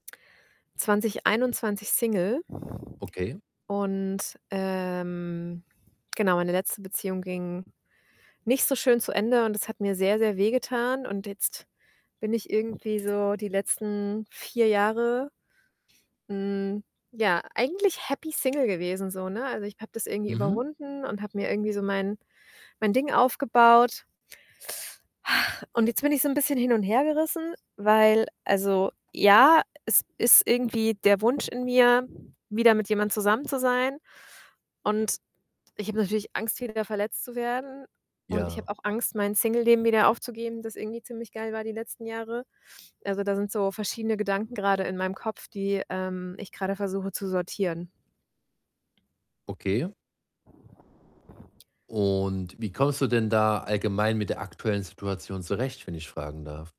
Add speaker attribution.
Speaker 1: 2021 Single,
Speaker 2: Okay.
Speaker 1: und, ähm, genau, meine letzte Beziehung ging nicht so schön zu Ende und es hat mir sehr, sehr wehgetan und jetzt bin ich irgendwie so die letzten 4 Jahre, hm, ja, eigentlich happy single gewesen so, ne? Also, ich habe das irgendwie
Speaker 2: Mhm.
Speaker 1: überwunden und habe mir irgendwie so mein mein Ding aufgebaut. Und jetzt bin ich so 'n bisschen hin und hergerissen, weil also, ja, es ist irgendwie der Wunsch in mir, wieder mit jemand zusammen zu sein und ich habe natürlich Angst, wieder verletzt zu werden und ich habe
Speaker 2: Ja.
Speaker 1: auch Angst, mein Singleleben wieder aufzugeben, das irgendwie ziemlich geil war die letzten Jahre. Also, da sind so verschiedene Gedanken grade in meinem Kopf, die, ähm, ich grade versuche zu sortieren.
Speaker 2: Okay. Und wie kommst du denn da allgemein mit der aktuellen Situation zurecht, wenn ich fragen darf?